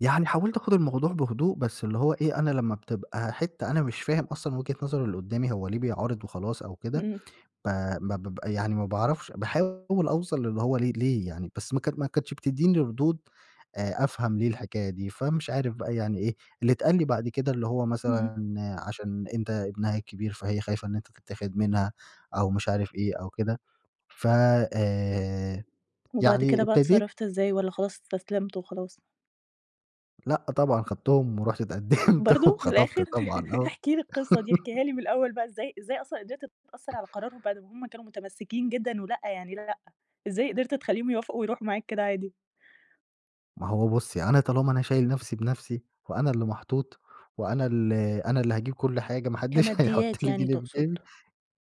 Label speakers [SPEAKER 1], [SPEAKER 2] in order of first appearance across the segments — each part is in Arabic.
[SPEAKER 1] يعني حاولت آخُد الموضوع بهدوء بس اللي هو إيه، أنا لما بتبقى حِتّة أنا مش فاهم أصلًا وجهة نظر اللي قُدّامي هو ليه بيعارض وخلاص أو كده
[SPEAKER 2] امم.
[SPEAKER 1] ب ب ب يعني ما باعرفش باحاول أوصَل اللي هو ليه ليه يعني بس ما ك ما كانتش بتدّيني ردود آآ أفهَم ليه الحكاية دي فمش عارف بقى يعني إيه، اللي اتقال لي بعد كده، اللي هو
[SPEAKER 2] اهم.
[SPEAKER 1] مثلًا عشان أنت ابنها الكبير فهي خايفة إن أنت تتاخد منها أو مش عارف إيه أو كده ف آآ
[SPEAKER 2] وبعد
[SPEAKER 1] يعني
[SPEAKER 2] كده بقى
[SPEAKER 1] ابتديت
[SPEAKER 2] اتصرّفت إزاي والّا خلاص استسلمت وخلاص؟
[SPEAKER 1] لأ طبعًا خدتهم ورُحت اتقدّمت
[SPEAKER 2] برضه! في
[SPEAKER 1] وخطَبت
[SPEAKER 2] الآخِر
[SPEAKER 1] طبعًا، آه.
[SPEAKER 2] احكِ لي القصة دي، احكيها لي من الأوّل بقى، إزاي إزاي أصلًا قدِرت تأثَّر على قرارهم بَعد ما هُم كانوا متمسّكين جدًا ولأ يعني لأ، إزاي قدِرت تخلّيهم يوافقوا ويرُوحوا معاك كده عادي؟
[SPEAKER 1] ما هو بُصّي أنا طالما أنا شايل نفْسي بنفْسي وأنا اللي محطوط وأنا ال أنا اللي هاجيب كلّ حاجة، ما حدّش هيحُط
[SPEAKER 2] كماديات
[SPEAKER 1] لي
[SPEAKER 2] يعني
[SPEAKER 1] جنيه في
[SPEAKER 2] تقصد.
[SPEAKER 1] جيبي،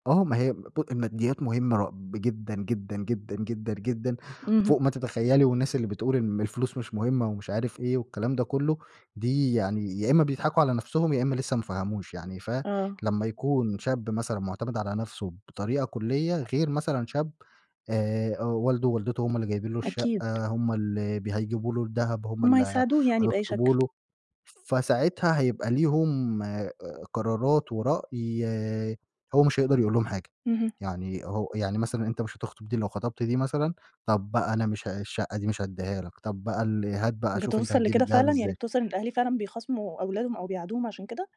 [SPEAKER 1] آه ما هي ب الماديّات مهمّة ر جدًا، جدًا، جدًا، جدًا، جدًا
[SPEAKER 2] اهم.
[SPEAKER 1] فوق ما تتخيّلي، والناس اللي بتقول إن الفلوس مش مهمّة ومش عارف إيه والكلام ده كلّه، دي يعني يا إما بيضحَكوا على نفْسهم يا إما لسه ما فهموش يعني، ف
[SPEAKER 2] آه.
[SPEAKER 1] لما يكون شاب مثلًا معتمِد على نفْسه بطريقة كُلّية غير مثلًا شاب آآ والده، والدته هُم اللي جايبين له
[SPEAKER 2] أكيد.
[SPEAKER 1] الشقة، هُم اللي ب هيجيبوا له الدهب، هُم
[SPEAKER 2] هُم
[SPEAKER 1] اللي
[SPEAKER 2] هيساعدوه يعني بأي
[SPEAKER 1] هيخطبوا
[SPEAKER 2] شكل.
[SPEAKER 1] له، فساعتها هيبقى ليهم آآ قرارات ورأي هو مش هيقدَر يقول لهم حاجة،
[SPEAKER 2] اهم.
[SPEAKER 1] يعني هو يعني مثلًا أنت مش هتخطُب دي، لو خطَبت دي مثلًا طَب بقى أنا مش الشقة دي مش هادّيها لك، طَب بقى ال هات بقى شوف أنت
[SPEAKER 2] بتوصَل
[SPEAKER 1] هتجيب
[SPEAKER 2] لكده
[SPEAKER 1] الدهب
[SPEAKER 2] فعلًا، يعني
[SPEAKER 1] إزاي؟
[SPEAKER 2] بتوصَل إن الأهل فعلًا بيخاصموا أولادهم أو بيعادوهم عشان كده؟